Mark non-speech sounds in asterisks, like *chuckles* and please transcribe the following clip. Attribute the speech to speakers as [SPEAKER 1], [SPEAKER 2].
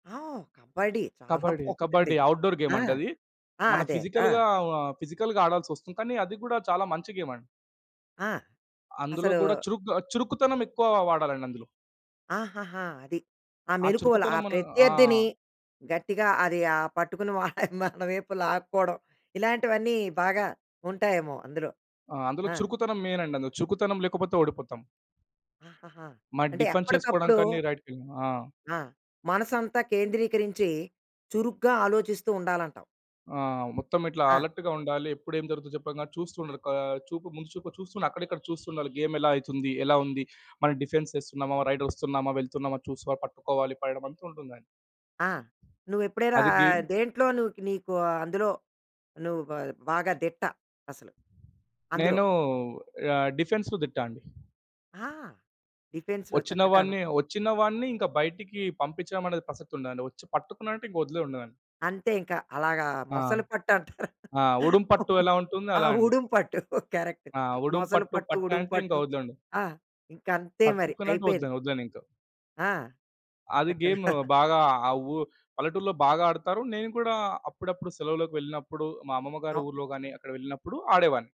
[SPEAKER 1] ఆ! కబడ్డీ చాలా
[SPEAKER 2] కబడ్డీ,
[SPEAKER 1] బావుంటుంది.
[SPEAKER 2] కబడ్డీ అవుట్‌డోర్
[SPEAKER 1] ఆ!
[SPEAKER 2] గేమండి అది.
[SPEAKER 1] ఆ!
[SPEAKER 2] మన
[SPEAKER 1] అదే. ఆ!
[SPEAKER 2] ఫిజికల్‌గా ఫిజికల్‌గా ఆడాల్సొస్తుంది. కానీ అది గూడా చాలా మంచి గేమండి.
[SPEAKER 1] ఆ!
[SPEAKER 2] అందులో
[SPEAKER 1] అసలు
[SPEAKER 2] గూడా చురుకుగా చురుకుతనం ఎక్కువ వాడాలండి అందులో.
[SPEAKER 1] ఆహాహా! అది. ఆ
[SPEAKER 2] ఆ
[SPEAKER 1] మెలుకువలు, ఆ
[SPEAKER 2] చురుకుతనం మనం ఆ!
[SPEAKER 1] ప్రత్యర్థిని గట్టిగా అది ఆ పట్టుకుని మన వైపు లాక్కోవడం ఇలాంటివన్నీ బాగా ఉంటాయేమో అందులో.
[SPEAKER 2] ఆ! అందులో
[SPEAKER 1] ఆ!
[SPEAKER 2] చురుకుతనం మెయినండి. అందులో చురుకుతనం లేకపోతే ఓడిపోతాం.
[SPEAKER 1] ఆహాహా!
[SPEAKER 2] మరి
[SPEAKER 1] అంటే
[SPEAKER 2] డిఫెన్స్ చేసుకోడం
[SPEAKER 1] ఎప్పటికప్పుడు
[SPEAKER 2] కాని రైట్‌వి ఆ!
[SPEAKER 1] ఆ! మనసంతా కేంద్రీకరించి, చురుగ్గా ఆలోచిస్తూ ఉండాలంటావు.
[SPEAKER 2] ఆ! మొత్తం ఇట్లా
[SPEAKER 1] ఆ!
[SPEAKER 2] అలర్ట్‌గా ఉండాలి. ఎప్పుడు ఏం జరుగుతుందో చెప్పంగా చూస్తూ ఉండాలి. కా చూపు ముందు చూపు చూస్తూను అక్కడిక్కడ చూస్తూ ఉండాలి. గేమ్ ఎలా అయితుంది, ఎలా ఉంది, మనం డిఫెన్స్ యేస్తున్నామా, రైట్ వస్తున్నామా, వెళ్తున్నామా చూసి ప పట్టుకోవాలి పడేడం అంతా ఉంటుందండి.
[SPEAKER 1] ఆ! నువ్వెప్పుడైనా
[SPEAKER 2] అది
[SPEAKER 1] ఆహ్,
[SPEAKER 2] గేమ్
[SPEAKER 1] దేంట్లోను నీకు అందులో నువ్వు బ బాగా దిట్ట అసలు. అందులో.
[SPEAKER 2] నేను ఆహ్, డిఫెన్సుకు దిట్ట అండి.
[SPEAKER 1] ఆ! డిఫెన్స్‌లో.
[SPEAKER 2] వచ్చిన
[SPEAKER 1] చక్కగాను.
[SPEAKER 2] వాడిని, వచ్చిన వాడిని ఇంకా బయటికి పంపిచ్చడమనేది ప్రసక్తి ఉండదండి. వచ్చి పట్టుకున్నానంటే ఇంకా వదిలేది ఉండదండి.
[SPEAKER 1] అంతే ఇంకా అలాగా
[SPEAKER 2] ఆ!
[SPEAKER 1] మొసలి పట్టు అంటారు.
[SPEAKER 2] ఆ! ఉడుం పట్టు ఎలా ఉంటుందో
[SPEAKER 1] ఆ!
[SPEAKER 2] అలా అండి.
[SPEAKER 1] ఉడుం పట్టు. కరెక్ట్.
[SPEAKER 2] ఆ! ఉడుం
[SPEAKER 1] మొసలి
[SPEAKER 2] పట్టు
[SPEAKER 1] పట్టు. ఉడుం
[SPEAKER 2] పట్టంటే ఇంకా
[SPEAKER 1] పట్టు.
[SPEAKER 2] వదులుండదు.
[SPEAKER 1] ఆ! ఇంకంతే మరి.
[SPEAKER 2] పట్టుకున్నంటే
[SPEAKER 1] అయిపోయింది.
[SPEAKER 2] వదలను వదిలనింక.
[SPEAKER 1] ఆ!
[SPEAKER 2] అది
[SPEAKER 1] *chuckles*
[SPEAKER 2] గేమ్
[SPEAKER 1] చక్కగా.
[SPEAKER 2] బాగా ఆ ఉ పల్లెటూరులో బాగా ఆడతారు. నేను కూడా అప్పుడప్పుడు సెలవుకి వెళ్ళినప్పుడు, మా అమ్మమ్మ గారి
[SPEAKER 1] ఓహ్
[SPEAKER 2] ఊర్లో గాని అక్కడికి వెళ్ళినప్పుడు ఆడేవాడిని.